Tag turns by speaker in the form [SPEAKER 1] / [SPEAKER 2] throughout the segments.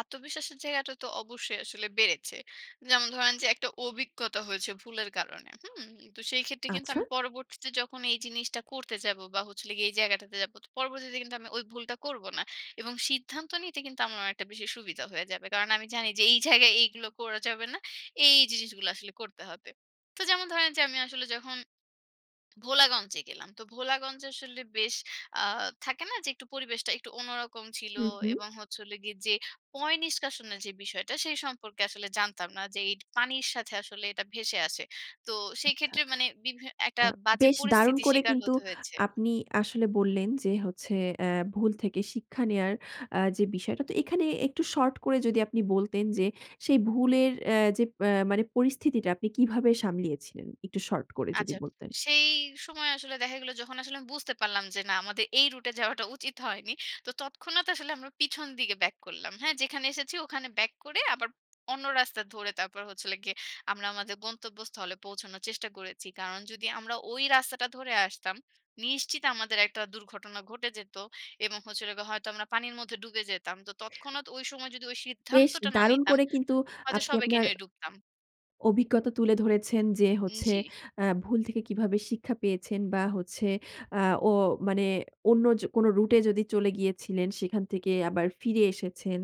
[SPEAKER 1] আত্মবিশ্বাসের জায়গাটা তো অবশ্যই আসলে বেড়েছে। যেমন ধরেন যে, একটা অভিজ্ঞতা হয়েছে ভুলের কারণে হুম? তো সেই ক্ষেত্রে কিন্তু
[SPEAKER 2] আচ্ছা!
[SPEAKER 1] আমি পরবর্তীতে যখন এই জিনিসটা করতে যাব বা হচ্ছিলগে এই জায়গাটাতে যাবো তো পরবর্তীতে কিন্তু আমি ওই ভুলটা করব না এবং সিদ্ধান্ত নিতে কিন্তু আমার অনেকটা বেশি সুবিধা হয়ে যাবে। কারণ আমি জানি যে, এই জায়গায় এইগুলো করা যাবে না। এই, এই জিনিসগুলো আসলে করতে হবে। তো যেমন ধরেন যে, আমি আসলে যখন ভোলাগঞ্জে গেলাম। তো ভোলাগঞ্জে আসলে বেশ আ থাকে না যে, একটু পরিবেশটা একটু অন্যরকম ছিল
[SPEAKER 2] হুম, হুম।
[SPEAKER 1] এবং হচ্ছে হল গিয়ে যে, পয় নিষ্কাশনের যে, বিষয়টা সেই সম্পর্কে আসলে জানতাম না যে, এই পানির সাথে আসলে এটা ভেসে আসে। তো সেই
[SPEAKER 2] আচ্ছা।
[SPEAKER 1] ক্ষেত্রে মানে বিভে একটা
[SPEAKER 2] আ
[SPEAKER 1] বাজে
[SPEAKER 2] বেশ দারুণ
[SPEAKER 1] পরিস্থিতি
[SPEAKER 2] করে
[SPEAKER 1] স্বীকার
[SPEAKER 2] কিন্তু
[SPEAKER 1] হতে হয়েছে।
[SPEAKER 2] আপনি আসলে বললেন যে, হচ্ছে আ ভুল থেকে শিক্ষা নেওয়ার আ যে, বিষয়টা। তো এখানে একটু শর্ট করে যদি আপনি বলতেন যে, সেই ভুলের অ্যা যে, অ্যা মানে পরিস্থিতিটা আপনি কিভাবে সামলিয়েছিলেন একটু শর্ট করে যদি
[SPEAKER 1] আচ্ছা।
[SPEAKER 2] বলতেন।
[SPEAKER 1] সেই সময় আসলে দেখা গেলো যখন আসলে আমি বুঝতে পারলাম যে, না আমাদের এই রুটে এ যাওয়াটা উচিত হয়নি। তো তৎক্ষণাৎ আসলে আমরা পিছন দিকে ব্যাক করলাম, হ্যাঁ? যেখানে এসেছি ওখানে ব্যাক করে আবার অন্য রাস্তা ধরে তারপর হচ্ছিলগে আমরা আমাদের গন্তব্যস্থলে পৌঁছানোর চেষ্টা করেছি। কারণ যদি আমরা ওই রাস্তাটা ধরে আসতাম, নিশ্চিত আমাদের একটা দুর্ঘটনা ঘটে যেত এবং হচ্ছিলগে হয়তো আমরা পানির মধ্যে ডুবে যেতাম। তো তৎক্ষণাৎ সময় যদি ওই
[SPEAKER 2] বেশ
[SPEAKER 1] সিদ্ধান্তটা না
[SPEAKER 2] দারুন
[SPEAKER 1] নিতাম
[SPEAKER 2] করে কিন্তু
[SPEAKER 1] হয়তো
[SPEAKER 2] আপনি
[SPEAKER 1] সবাইকে
[SPEAKER 2] আপনার
[SPEAKER 1] নিয়ে ডুবতাম।
[SPEAKER 2] অভিজ্ঞতা তুলে ধরেছেন যে,
[SPEAKER 1] হুম,
[SPEAKER 2] হচ্ছে
[SPEAKER 1] জি।
[SPEAKER 2] আ ভুল থেকে কিভাবে শিক্ষা পেয়েছেন বা হচ্ছে আ ও মানে অন্য জো কোন রুটে এ যদি চলে গিয়েছিলেন সেখান থেকে আবার ফিরে এসেছেন।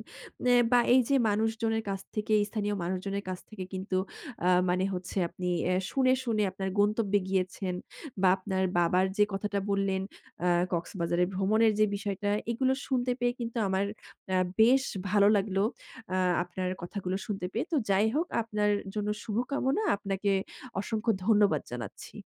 [SPEAKER 2] এ বা এই যে, মানুষজনের কাছ থেকে স্থানীয় মানুষজনের কাছ থেকে কিন্তু আ মানে হচ্ছে আপনি অ্যা শুনে, শুনে আপনার গন্তব্যে গিয়েছেন বা আপনার বাবার যে, কথাটা বললেন আ কক্সবাজারে ভ্রমণের যে, বিষয়টা এগুলো শুনতে পেয়ে কিন্তু আমার আ বেশ ভালো লাগলো আ আপনার কথাগুলো শুনতে পেয়ে। তো যাই হোক আপনার জন্য শুভকামনা, আপনাকে অসংখ্য ধন্যবাদ জানাচ্ছি।